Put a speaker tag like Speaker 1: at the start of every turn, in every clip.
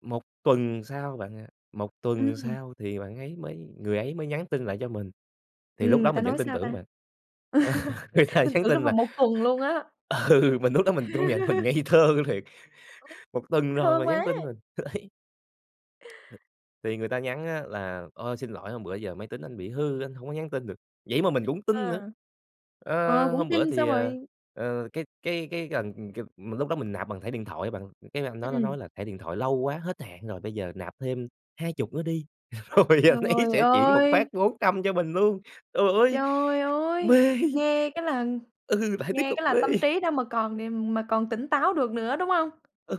Speaker 1: 1 tuần sau bạn ạ, 1 tuần
Speaker 2: Ừm.
Speaker 1: sau thì bạn ấy mới người ấy mới nhắn tin lại cho mình thì lúc
Speaker 2: Ừm,
Speaker 1: đó
Speaker 2: người ta
Speaker 1: mình vẫn
Speaker 2: nói
Speaker 1: tin
Speaker 2: sao
Speaker 1: tưởng
Speaker 2: ta?
Speaker 1: bạn. Người ta
Speaker 2: Tin
Speaker 1: nhắn
Speaker 2: tưởng trong
Speaker 1: tin là
Speaker 2: vòng 1 tuần luôn á.
Speaker 1: Ừ, mình lúc đó mình công nhận mình ngây thơ thiệt. 1 tuần
Speaker 2: [unintelligible]
Speaker 1: rồi mà
Speaker 2: thương
Speaker 1: mình nhắn
Speaker 2: quá!
Speaker 1: tin mình, đấy. [unintelligible] Thì người ta nhắn á là "Ôi, xin lỗi, hôm bữa giờ máy tính anh bị hư anh hông có nhắn tin được", vậy mà mình cũng tin nữa.
Speaker 2: À. Ờ,
Speaker 1: Ơ,
Speaker 2: cũng
Speaker 1: hôm bữa
Speaker 2: tin,
Speaker 1: thì,
Speaker 2: xong
Speaker 1: ờ,
Speaker 2: rồi
Speaker 1: ờ, cái cái cái gần, kiểu mà lúc đó mình nạp bằng thẻ điện thoại á bạn, cái anh đó nó
Speaker 2: Ừm.
Speaker 1: nói là thẻ điện thoại lâu quá hết hạn rồi bây giờ nạp thêm 20 nữa đi, rồi anh ấy
Speaker 2: Trời
Speaker 1: sẽ chuyển một phát
Speaker 2: ơi!
Speaker 1: 400 cho mình luôn. Trời ơi!
Speaker 2: Trời ơi!
Speaker 1: Mê.
Speaker 2: Nghe cái là
Speaker 1: Ừ, lại tiếp
Speaker 2: nghe
Speaker 1: tục
Speaker 2: cái là
Speaker 1: mê.
Speaker 2: tâm trí đâu mà còn điềm mà còn tỉnh táo được nữa, đúng hông?
Speaker 1: Ừ.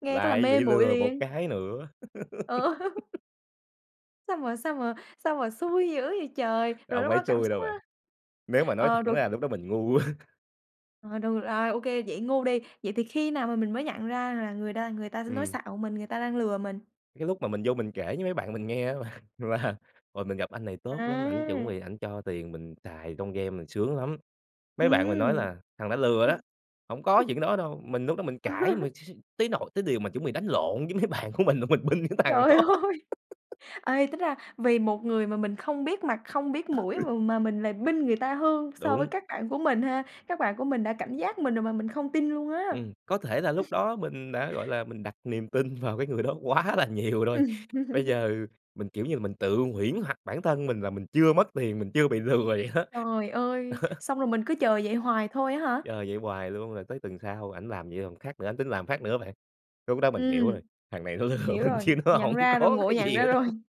Speaker 2: Nghe cái là
Speaker 1: Lại
Speaker 2: mê
Speaker 1: bị
Speaker 2: muội
Speaker 1: lừa một
Speaker 2: liền.
Speaker 1: cái nữa.
Speaker 2: Ờ. Sao mà sao mà sao mà xui dữ vậy trời! Rồi
Speaker 1: Không
Speaker 2: lúc
Speaker 1: phải
Speaker 2: đó cảm
Speaker 1: xui
Speaker 2: xúc
Speaker 1: đâu bạn,
Speaker 2: á
Speaker 1: nếu mà nói
Speaker 2: ờ,
Speaker 1: thẳng
Speaker 2: rồi
Speaker 1: ra lúc đó mình ngu quá!
Speaker 2: Rồi, được à, ô kê, vậy ngu đi. Vậy thì khi nào mà mình mới nhận ra là người đa người ta sẽ nói
Speaker 1: Ừm.
Speaker 2: xạo mình, người ta đang lừa mình?
Speaker 1: Cái lúc mà mình vô mình kể với mấy bạn mình nghe á là là "Ôi, mình gặp anh này tốt lắm, ảnh chuẩn
Speaker 2: À!
Speaker 1: bị ảnh cho tiền mình xài trong game, mình sướng lắm." Mấy bạn mình nói
Speaker 2: Ừm.
Speaker 1: là "Thằng đó lừa đó, hổng có chuyện đó đâu", mình lúc đó mình cãi mà s s tới nỗi thiếu điều mà chuẩn bị đánh lộn với mấy bạn của mình luôn, mình binh cái thằng
Speaker 2: Trời
Speaker 1: đó.
Speaker 2: ơi! Ê, tính ra vì một người mà mình không biết mặt,
Speaker 1: Ừ.
Speaker 2: không biết mũi mà mà mình là binh người ta hơn so
Speaker 1: Đúng.
Speaker 2: với các bạn của mình ha, các bạn của mình đã cảnh giác mình rồi mà mình không tin luôn á.
Speaker 1: Ừm. Có thể là lúc đó mình đã, gọi là, mình đặt niềm tin vào cái người đó quá là nhiều rồi.
Speaker 2: Ừm.
Speaker 1: Bây giờ mình, kiểu như là, mình tự huyễn hoặc bản thân mình là mình chưa mất tiền, mình chưa bị lừa vậy đó.
Speaker 2: Trời ơi!
Speaker 1: Đó.
Speaker 2: Xong rồi mình cứ chờ vậy hoài thôi á hả?
Speaker 1: Chờ vậy hoài luôn rồi tới tuần sau ảnh làm nhiều thằng khác nữa, ảnh tính làm phát nữa bạn. Lúc đó mình hiểu
Speaker 2: Ừm.
Speaker 1: rồi: "Thằng này nó lừa
Speaker 2: Hiểu
Speaker 1: mình
Speaker 2: rồi,
Speaker 1: chứ nó
Speaker 2: nhận
Speaker 1: hổng
Speaker 2: ra rồi,
Speaker 1: có
Speaker 2: ngộ
Speaker 1: cái
Speaker 2: nhận
Speaker 1: gì
Speaker 2: ra
Speaker 1: nữa
Speaker 2: rồi.
Speaker 1: đâu", ừ.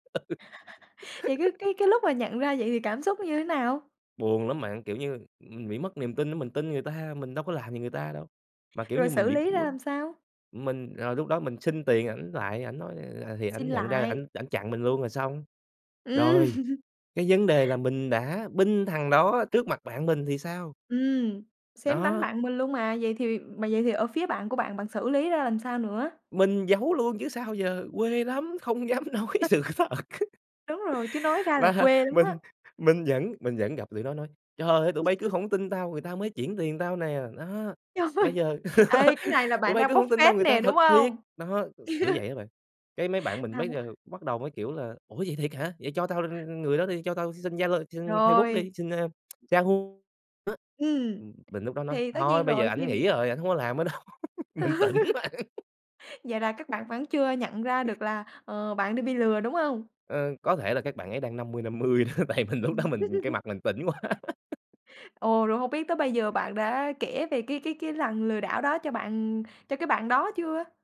Speaker 2: Vậy cái cái cái lúc mà nhận ra vậy thì cảm xúc nó như thế nào?
Speaker 1: Buồn lắm bạn, kiểu như, ừm, bị mất niềm tin á, mình tin người ta, mình đâu có làm gì người ta đâu. Mà, kiểu
Speaker 2: Rồi
Speaker 1: như, mình
Speaker 2: xử
Speaker 1: bị
Speaker 2: lý ra
Speaker 1: [unintelligible]
Speaker 2: làm sao?
Speaker 1: mình ờ, lúc đó mình xin tiền ảnh lại ảnh nói, à, thì
Speaker 2: Xin
Speaker 1: ảnh nhận ra
Speaker 2: lại.
Speaker 1: ảnh ảnh chặn mình luôn rồi xong.
Speaker 2: Ừm.
Speaker 1: Rồi, cái vấn đề là mình đã binh thằng đó trước mặt bạn mình thì sao?
Speaker 2: Ừm. Xém đánh
Speaker 1: Đó.
Speaker 2: bạn mình luôn mà. Vậy thì mà vậy thì ở phía bạn của bạn bạn xử lý ra làm sao nữa?
Speaker 1: Mình giấu luôn chứ sao giờ, quê lắm! Không dám nói
Speaker 2: [unintelligible]
Speaker 1: sự thật.
Speaker 2: Đúng rồi, chứ nói ra là
Speaker 1: Và
Speaker 2: quê lắm á.
Speaker 1: mình mình vẫn mình vẫn gặp tụi nó nói: "Trời ơi! Tụi bây cứ hổng tin tao, người ta mới chuyển tiền tao nè, đó,
Speaker 2: Trời!
Speaker 1: bây giờ
Speaker 2: Ê, cái này là
Speaker 1: tụi
Speaker 2: bạn
Speaker 1: bây
Speaker 2: đang
Speaker 1: cứ
Speaker 2: bốc
Speaker 1: hổng tin tao
Speaker 2: phét
Speaker 1: người ta
Speaker 2: nè, đúng
Speaker 1: thật thiệt",
Speaker 2: hông?
Speaker 1: đó, kiểu vậy đó bạn. Cái mấy bạn mình mới
Speaker 2: Tham
Speaker 1: đều bắt đầu mới, kiểu là "Ủa, vậy thiệt hả? Vậy cho tao [unintelligible] người đó đi, cho tao xin Zalo, xin Facebook
Speaker 2: Rồi.
Speaker 1: đi, xin, ơ, Yahoo." Đó.
Speaker 2: Ừm.
Speaker 1: Ừm, mình lúc đó nói:
Speaker 2: Thì tất
Speaker 1: "Thôi
Speaker 2: nhiên
Speaker 1: bây giờ
Speaker 2: rồi,
Speaker 1: ảnh
Speaker 2: khi
Speaker 1: nghỉ rồi, ảnh không có làm nữa đâu." Mình tỉnh bạn.
Speaker 2: Vậy là các bạn vẫn chưa nhận ra được là, ờ, bạn đã bị lừa, đúng hông?
Speaker 1: Ờ, có thể là các bạn ấy đang 50-50 đó, tại mình lúc đó
Speaker 2: Ừm.
Speaker 1: mình cái mặt mình tỉnh quá.
Speaker 2: Ồ, rồi hông biết tới bây giờ bạn đã kể về cái cái cái lần lừa đảo đó cho bạn cho cái bạn đó chưa?